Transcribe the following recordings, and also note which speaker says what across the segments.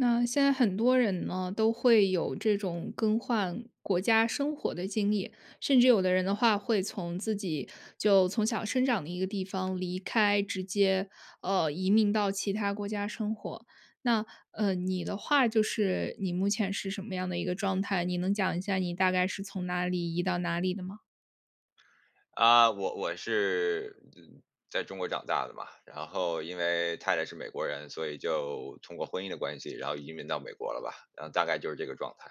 Speaker 1: 那现在很多人呢，都会有这种更换国家生活的经历，甚至有的人的话会从自己就从小生长的一个地方离开，直接，呃，移民到其他国家生活。那，呃，你的话就是，你目前是什么样的一个状态，你能讲一下你大概是从哪里移到哪里的吗？
Speaker 2: 啊，我我是，呃，在中国长大的嘛，然后因为太太是美国人，所以就通过婚姻的关系，然后移民到美国了吧，然后大概就是这个状态。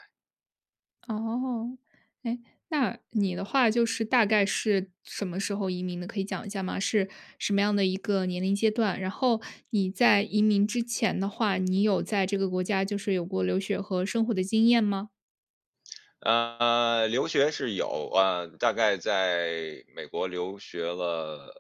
Speaker 1: 哦，哎，那你的话就是大概是什么时候移民的，可以讲一下吗？是什么样的一个年龄阶段，然后你在移民之前的话，你有在这个国家就是有过留学和生活的经验吗？
Speaker 2: 呃，留学是有，啊，大概在美国留学了，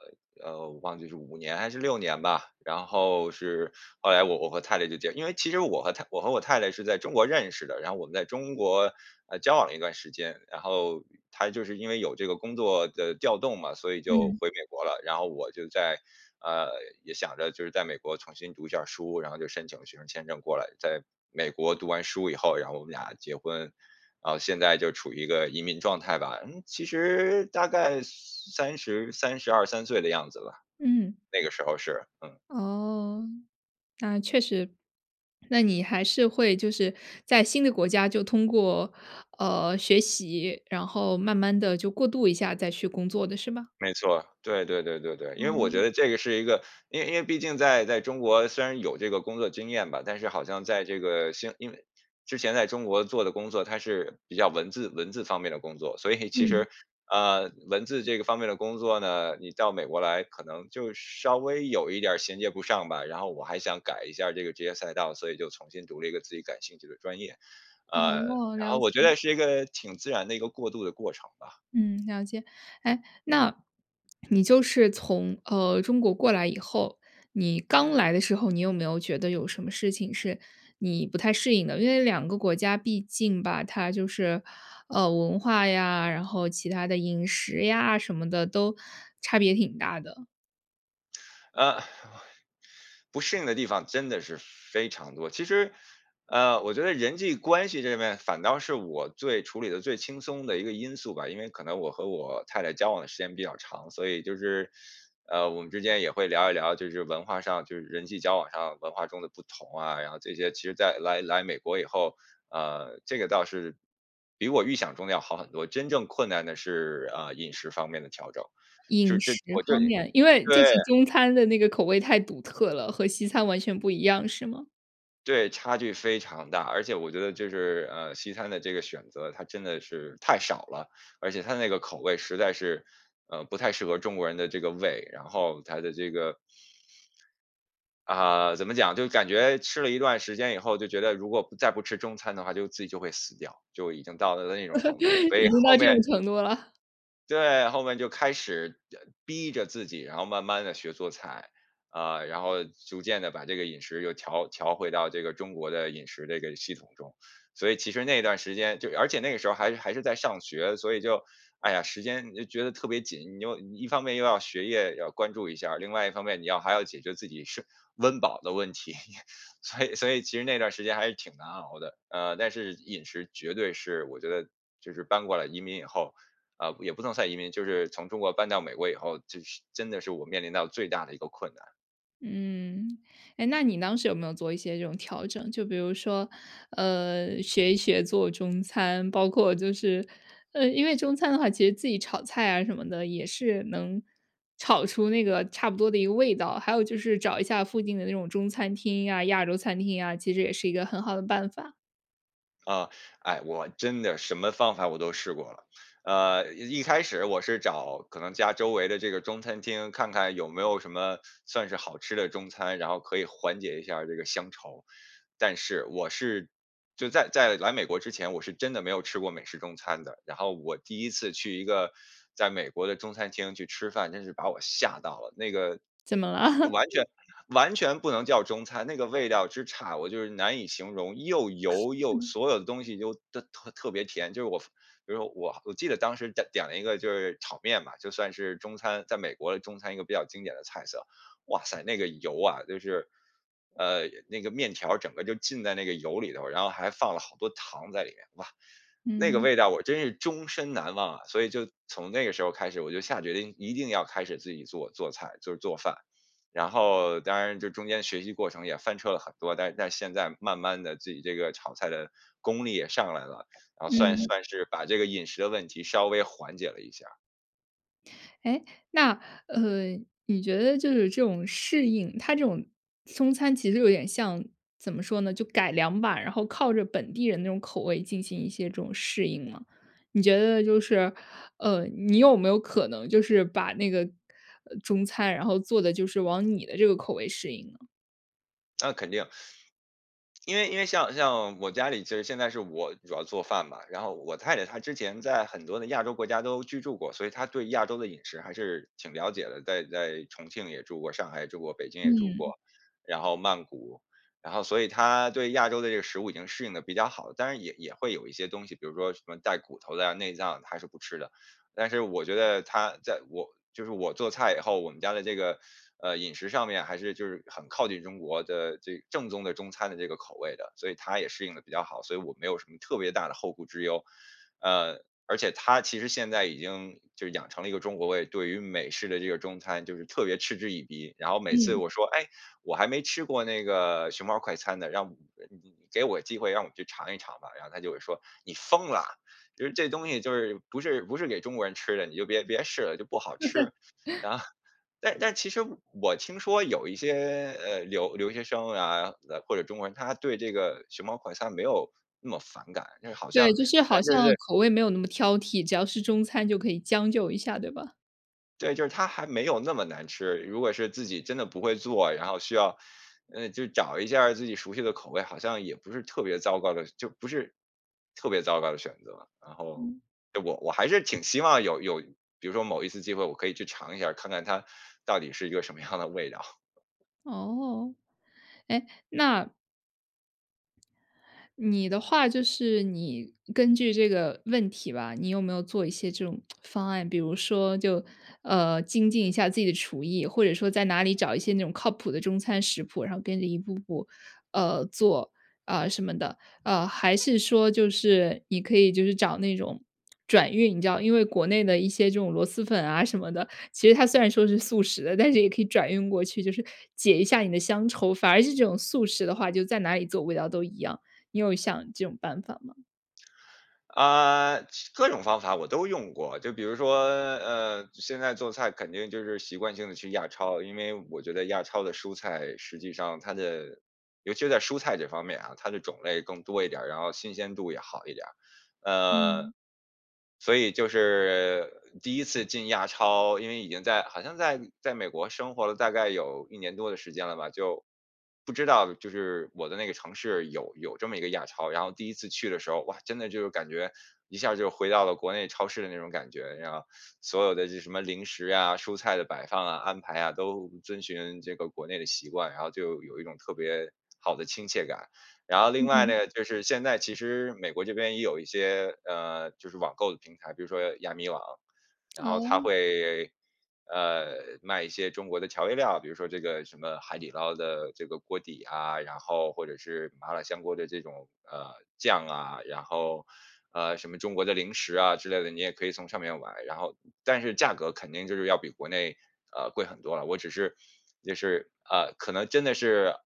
Speaker 2: 呃，我忘记是5年还是6年吧。然后是后来我我和太太就结因为其实我和太我和我太太是在中国认识的，然后我们在中国，呃，交往了一段时间，然后她就是因为有这个工作的调动嘛，所以就
Speaker 1: 嗯。
Speaker 2: 回美国了。然后我就在，呃，也想着就是在美国重新读一下书，然后就申请学生签证过来，在美国读完书以后，然后我们俩结婚。然后现在就处于一个移民状态吧。嗯，其实大概3032-33岁的样子吧，
Speaker 1: 嗯。
Speaker 2: 那个时候是，嗯。
Speaker 1: 哦，那确实。那你还是会就是在新的国家就通过，呃，学习，然后慢慢地就过渡一下再去工作的，是吧？
Speaker 2: 没错，对对对对对。因为我觉
Speaker 1: 哦。
Speaker 2: 得这个是一个因为因为毕竟在在中国虽然有这个工作经验吧，但是好像在这个新因为之前在中国做的工作，它是比较文字文字方面的工作，所以其
Speaker 1: 嗯。
Speaker 2: 实，呃，文字这个方面的工作呢，你到美国来可能就稍微有一点儿衔接不上吧，然后我还想改一下这个职业赛道，所以就重新读了一个自己感兴趣的专业。呃，
Speaker 1: 哦，
Speaker 2: 然
Speaker 1: 了
Speaker 2: 后我觉
Speaker 1: 解。
Speaker 2: 得是一个挺自然的一个过渡的过程吧。
Speaker 1: 嗯，了解。哎，那你就是从，呃，中国过来以后，你刚来的时候，你有没有觉得有什么事情是你不太适应的？因为两个国家毕竟吧，它就是，呃，文化呀，然后其它的饮食呀什么的都差别挺大的。
Speaker 2: 呃，不适应的地方真的是非常多，其实，呃，我觉得人际关系这面反倒是我最处理得最轻松的一个因素吧，因为可能我和我太太交往的时间比较长，所以就是，呃，我们之间也会聊一聊，就是文化上就是人际交往上文化中的不同啊，然后这些其实在来来美国以后，呃，这个倒是比我预想中的要好很多，真正困难的是，呃，饮食方面的调整，就
Speaker 1: 饮
Speaker 2: 就是
Speaker 1: 食
Speaker 2: 我
Speaker 1: 方
Speaker 2: 对
Speaker 1: 面，因为就
Speaker 2: 对。
Speaker 1: 是中餐的那个口味太独特了，和西餐完全不一样是吗？
Speaker 2: 对，差距非常大。而且我觉得就是，呃，西餐的这个选择，它真的是太少了，而且它那个口味实在是，呃，不太适合中国人的这个胃，然后它的这个啊，怎么讲，就感觉吃了一段时间以后，就觉得如果不再不吃中餐的话，就自己就会死掉，就已经到了那种程度了，所 以
Speaker 1: 已经
Speaker 2: 后
Speaker 1: 到这
Speaker 2: 面
Speaker 1: 种程度了。
Speaker 2: 对，后面就开始，呃，逼着自己，然后慢慢地学做菜，啊，然后逐渐地把这个饮食又调调回到这个中国的饮食这个系统中。所以其实那段时间就而且那个时候还还是在上学，所以就，哎呀，时间就觉得特别紧，你又你一方面又要学业要关注一下，另外一方面你要还要解决自己吃温饱的问题。所以所以其实那段儿时间还是挺难熬的。呃，但是饮食绝对是我觉得就是搬过来移民以后，呃，也不能算移民，就是从中国搬到美国以后，就是真的是我面临到最大的一个困难。
Speaker 1: 嗯，哎，那你当时有没有做一些这种调整？就比如说，呃，学一学做中餐。包括就是，呃，因为中餐的话，其实自己炒菜啊什么的，也是能炒出那个差不多的一个味道，还有就是找一下附近的那种中餐厅呀，亚洲餐厅啊，其实也是一个很好的办法。
Speaker 2: 啊，哎，我真的什么方法我都试过了。呃，一一开始我是找可能家周围的这个中餐厅，看看有没有什么算是好吃的中餐，然后可以缓解一下这个乡愁。但是，我是就在在来美国之前，我是真的没有吃过美式中餐的，然后我第一次去一个在美国的中餐厅去吃饭，真是把我吓到了。那个
Speaker 1: 怎么了？
Speaker 2: 就完全 完全不能叫中餐，那个味道之差，我就是难以形容，又油又 所有的东西都都特特别甜。就是我比如我我记得当时在点了一个就是炒面嘛，就算是中餐在美国的中餐，一个比较经典的菜色，哇塞，那个油啊，就是，呃，那个面条儿整个就浸在那个油里头儿，然后还放了好多糖在里面，哇，那个
Speaker 1: 嗯。
Speaker 2: 味道我真是终身难忘啊。所以就从那个时候开始，我就下决定一定要开始自己做做菜，就是做饭。然后当然这中间学习过程也翻车了很多，但但现在慢慢地自己这个炒菜的功力也上来了，然后算
Speaker 1: 嗯。
Speaker 2: 算是把这个饮食的问题稍微缓解了一下。
Speaker 1: 诶，那，呃，你觉得就是这种适应，它这种中餐其实有点像怎么说呢？就改良吧，然后靠着本地人那种口味进行一些这种适应吗？你觉得就是，呃，你有没有可能就是把那个，呃，中餐，然后做得就是往你的这个口味适应呢？
Speaker 2: 那肯定，因为因为像像我家里其实现在是我主要做饭吧，然后我太太她之前在很多的亚洲国家都居住过，所以她对亚洲的饮食还是挺了解的。在在重庆也住过，上海也住过，北京也住
Speaker 1: 嗯。
Speaker 2: 过，然后曼谷，然后所以她对亚洲的这个食物已经适应得比较好。但是也也会有一些东西，比如说什么带骨头的啊、内脏她是不吃的。但是我觉得她在我就是我做菜以后，我们家的这个，呃，饮食上面还是就是很靠近中国的这正宗的中餐的这个口味的，所以她也适应得比较好，所以我没有什么特别大的后顾之忧。呃，而且她其实现在已经就是养成了一个中国胃，对于美式的这个中餐就是特别嗤之以鼻。然后每次
Speaker 1: 嗯。
Speaker 2: 我说：“诶，我还没吃过那个熊猫儿快餐呢，让呃呃，给我机会让我去尝一尝吧。”然后她就会说：“你疯了，就是这东西就是不是不是给中国人吃的，你就别别试了，就不好吃。” 啊，但但是其实我听说有一些，呃，留留学生啊，或者中国人，他对这个熊猫快餐没有那么反感，就是好
Speaker 1: 对，
Speaker 2: 像
Speaker 1: 就是
Speaker 2: 跟
Speaker 1: 好
Speaker 2: 着
Speaker 1: 像
Speaker 2: 是
Speaker 1: 口味没有那么挑剔，只要是中餐就可以将就一下，对吧？
Speaker 2: 对，就是它还没有那么难吃。如果是自己真的不会做，然后需要，呃，就找一下儿自己熟悉的口味，好像也不是特别糟糕的就不是，特别糟糕的选择。然后
Speaker 1: 嗯。
Speaker 2: 我我还是挺希望有有比如说某一次机会我可以去尝一下儿，看看它到底是一个什么样的味道。
Speaker 1: 哦。诶，那你的话就是你根据这个问题吧，你有没有做一些这种 方案？比如说就，呃，精进一下自己的厨艺，或者说在哪里找一些那种靠谱的中餐食谱，然后跟着一步步，呃，做，啊，什么的。啊，还是说就是你可以就是找那种转运，你知道，因为国内的一些这种螺蛳粉啊什么的，其实它虽然说是速食的，但是也可以转运过去，就是解一下你的乡愁。反而是这种速食的话就在哪里做味道都一样，你有想这种办法吗？
Speaker 2: 呃，其各种方法我都用过，就比如说，呃，现在做菜肯定就是习惯性地去亚超，因为我觉得亚超的蔬菜，实际上它的尤其在蔬菜这方面啊，它的种类更多一点儿，然后新鲜度也好一点儿。呃，
Speaker 1: 嗯。
Speaker 2: 所以就是第一次进亚超，因为已经在好像在在美国生活了大概有1年多的时间了吧，就不知道就是我的那个城市有有这么一个亚超。然后第一次去的时候，哇，真的就感觉一下儿就回到了国内超市的那种感觉，你知道，所有的这什么零食啊，蔬菜的摆放啊、安排啊，都遵循这个国内的习惯，然后就有一种特别好的亲切感。然后另外
Speaker 1: 嗯。
Speaker 2: 呢，就是现在其实美国这边也有一些，呃，就是网购的平台，比如说亚米网，然后它
Speaker 1: 哦。
Speaker 2: 会，呃，卖一些中国的调味料，比如说这个什么海底捞的这个锅底啊，然后或者是麻辣香锅的这种，呃，酱啊。然后，呃，什么中国的零食啊之类的，你也可以从上面买，然后但是价格肯定就是要比国内，呃，贵很多了。我只是就是呃，可能真的是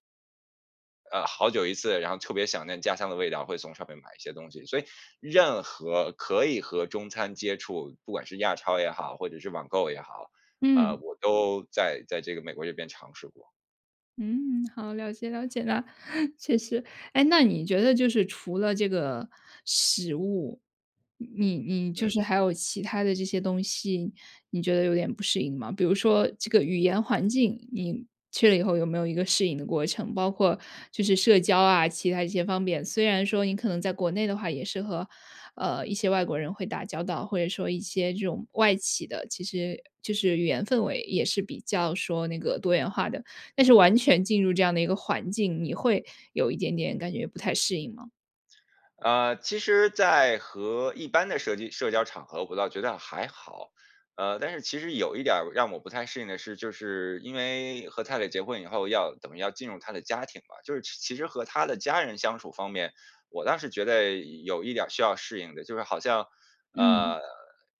Speaker 2: 呃，好久一次，然后特别想念家乡的味道，会从上面买一些东西。所以任何可以和中餐接触，不管是亚超也好或者是网购也好，啊，
Speaker 1: 嗯。
Speaker 2: 我都在在这个美国这边尝试过。
Speaker 1: 嗯，好，了解了解了。确实，哎那你觉得就是除了这个食物，你你就
Speaker 2: 嗯。
Speaker 1: 是还有其它的这些东西，你觉得有点不适应吗？比如说这个语言环境，你去了以后有没有一个适应的过程，包括就是社交啊，其它一些方面。虽然说你可能在国内的话也是和，呃，一些外国人会打交道，或者说一些这种外企的其实就是语言氛围也是比较说那个多元化的，但是完全进入这样的一个环境，你会有一点点感觉不太适应吗？
Speaker 2: 呃，其实在和一般的社集社交场合，我倒觉得还好。呃，但是其实有一点儿让我不太适应的是，就是因为和太太结婚以后要等于要进入她的家庭吧，就是其实和她的家人相处方面，我倒是觉得有一点儿需要适应的。就是好像，
Speaker 1: 嗯。
Speaker 2: 呃，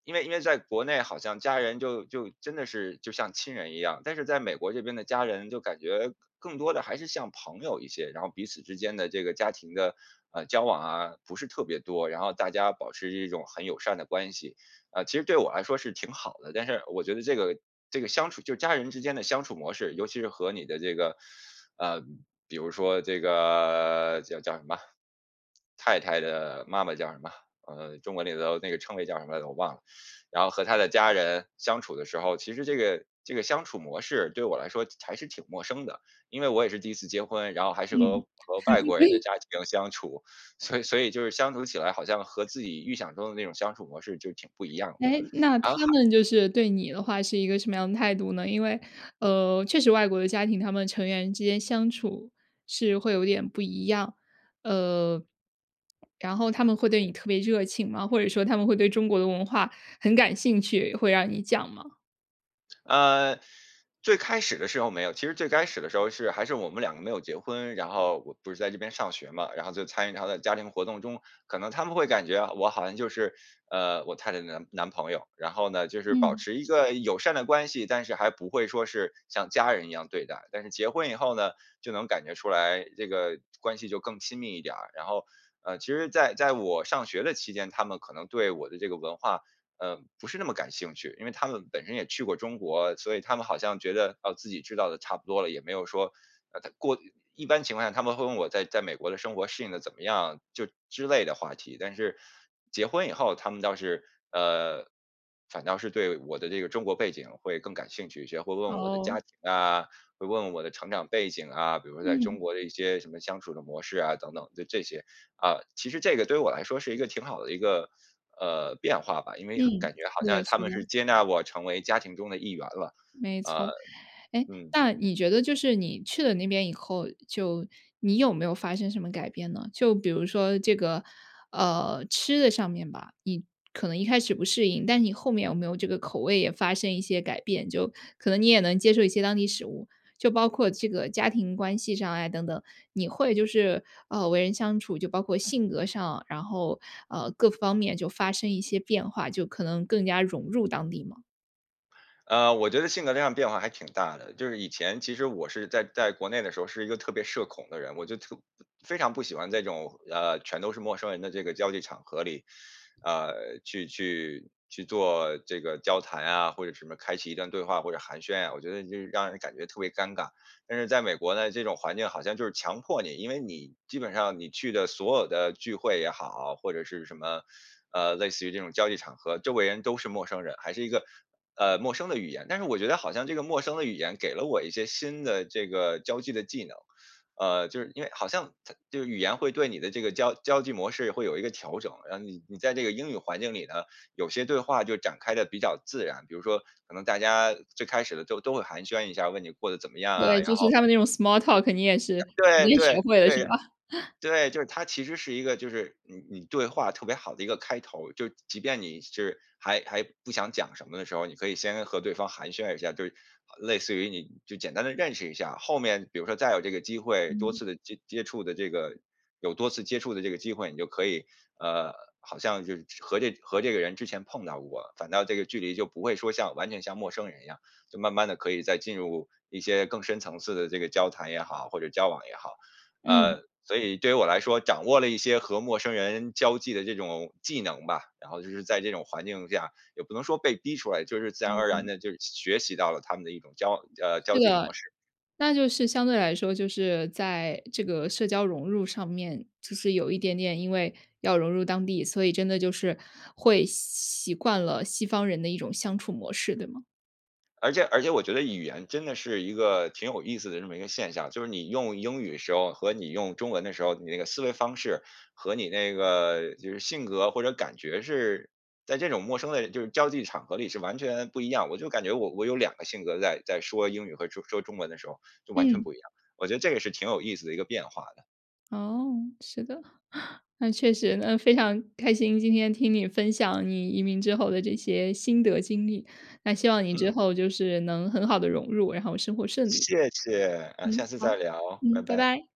Speaker 2: 因为因为在国内好像家人就就真的是就像亲人一样，但是在美国这边的家人就感觉更多地还是像朋友一些，然后彼此之间的这个家庭的，呃，交往啊，不是特别多，然后大家保持一种很友善的关系。啊，其实对我来说是挺好的，但是我觉得这个这个相处就家人之间的相处模式，尤其是和你的这个呃，比如说这个叫叫什么？太太的妈妈叫什么？呃，中国里头那个称谓叫什么来着我忘了。然后和她的家人相处的时候，其实这个这个相处模式对我来说还是挺陌生的，因为我也是第一次结婚，然后还是和
Speaker 1: 嗯。
Speaker 2: 和外国人的 家庭相处，所以所以就是相处起来好像和自己预想中的那种相处模式就挺不一样的，
Speaker 1: 哎，那他
Speaker 2: 然后还
Speaker 1: 们就是对你的话是一个什么样的态度呢？因为，呃，确实外国的家庭，他们成员之间相处是会有点不一样。呃，然后他们会对你特别热情吗？或者说他们会对中国的文化很感兴趣，会让你讲吗？
Speaker 2: 呃，最开始的时候没有，其实最开始的时候是还是我们两个没有结婚，然后我不是在这边上学嘛，然后就参与她的家庭活动中，可能他们会感觉我好像就是，呃，我太太的男男朋友。然后呢，就是保
Speaker 1: 嗯。
Speaker 2: 持一个友善的关系，但是还不会说是像家人一样对待。但是结婚以后呢，就能感觉出来这个关系就更亲密一点儿。然后，呃，其实在在我上学的期间，他们可能对我的这个文化，呃，不是那么感兴趣，因为他们本身也去过中国，所以他们好像觉得，哦，自己知道的差不多了，也没有说，呃太过一般情况下他们会问我在在美国的生活适应得怎么样就之类的话题。但是，结婚以后，他们倒是呃，反倒是对我的这个中国背景会更感兴趣一些，会问我的家
Speaker 1: 哦。
Speaker 2: 庭啊，会问我的成长背景啊，比如说在中
Speaker 1: 嗯。
Speaker 2: 国的一些什么相处的模式啊等等的这些。啊，其实这个对我来说是一个挺好的一个，呃，变化吧，因为
Speaker 1: 嗯，
Speaker 2: 感觉好
Speaker 1: 是
Speaker 2: 像
Speaker 1: 的，是
Speaker 2: 他们
Speaker 1: 的。
Speaker 2: 是接纳我成为家庭中的一员了，
Speaker 1: 没
Speaker 2: 呃，
Speaker 1: 错。哎，
Speaker 2: 嗯。
Speaker 1: 那你觉得就是你去了那边以后，就你有没有发生什么改变呢？就比如说这个，呃，吃的上面吧，你可能一开始不适应，但是你后面有没有这个口味也发生一些改变？就可能你也能接受一些当地食物，就包括这个家庭关系上啊等等，你会就是，呃，为人相处就包括性格上，然后，呃，各方面就发生一些变化，就可能更加融入当地吗？
Speaker 2: 呃，我觉得性格那样变化还挺大的，就是以前其实我是在在国内的时候是一个特别社恐的人，我就特非常不喜欢这种，呃，全都是陌生人的这个交际场合里，啊，去去去做这个交谈啊，或者什么开启一段对话或者寒暄啊，我觉得就是让人感觉特别尴尬。但是在美国呢，这种环境好像就是强迫你因为你基本上你去的所有的聚会也好，或者是什么，呃，类似于这种交际场合，周围人都是陌生人，还是一个，呃，陌生的语言，但是我觉得好像这个陌生的语言给了我一些新的这个交际的技能。呃，就是因为好像它就是语言会对你的这个交交际模式会有一个调整。然后你你在这个英语环境里呢，有些对话就展开得比较自然，比如说可能大家最开始的都都会寒暄一下，问你过得怎么样啊，
Speaker 1: 对，
Speaker 2: 然
Speaker 1: 就是
Speaker 2: 后
Speaker 1: 他们那种 small talk 你也是你
Speaker 2: 对
Speaker 1: 也学
Speaker 2: 对
Speaker 1: 会了
Speaker 2: 对
Speaker 1: 是
Speaker 2: 呀。
Speaker 1: 吧？
Speaker 2: 对，就是它其实是一个就是你你对话特别好的一个开头，就即便你是还还不想讲什么的时候，你可以先和对方寒暄一下，就是类似于你就简单地认识一下，后面比如说再有这个机会，多
Speaker 1: 嗯。
Speaker 2: 次的接接触的这个有多次接触的这个机会，你就可以，呃，好像就是和这和这个人之前碰到过，反倒这个距离就不会说像完全像陌生人一样，就慢慢地可以再进入一些更深层次的这个交谈也好，或者交往也好。
Speaker 1: 嗯。
Speaker 2: 呃，所以对于我来说掌握了一些和陌生人交际的这种技能吧，然后就是在这种环境下也不能说被逼出来，就是自然而然
Speaker 1: 嗯。
Speaker 2: 地就是学学习到了他们的一种交往呃，交
Speaker 1: 是
Speaker 2: 际模
Speaker 1: 的，
Speaker 2: 式。
Speaker 1: 那就是相对来说就是在这个社交融入上面，就是有一点点，因为要融入当地，所以真的就是会习习惯了西方人的一种相处模式，对吗？
Speaker 2: 而且而且我觉得语言真的是一个挺有意思的这么一个现象，就是你用英语时候和你用中文的时候，你那个思维方式和你那个就是性格或者感觉是在这种陌生的就是交际场合里是完全不一样。我就感觉我我有2个性格在在说英语和说说中文的时候，就完全
Speaker 1: 嗯。
Speaker 2: 不一样，我觉得这个是挺有意思的一个变化的。
Speaker 1: 哦，是的，那确实。那非常开心，今天听你分享你移民之后的这些心得经历，那希望你之
Speaker 2: 嗯。
Speaker 1: 后就是能很好地融入，然后生活顺利。
Speaker 2: 谢谢，呃，
Speaker 1: 嗯，
Speaker 2: 下次再
Speaker 1: 好，
Speaker 2: 聊，拜
Speaker 1: 嗯，拜
Speaker 2: 拜。
Speaker 1: 拜。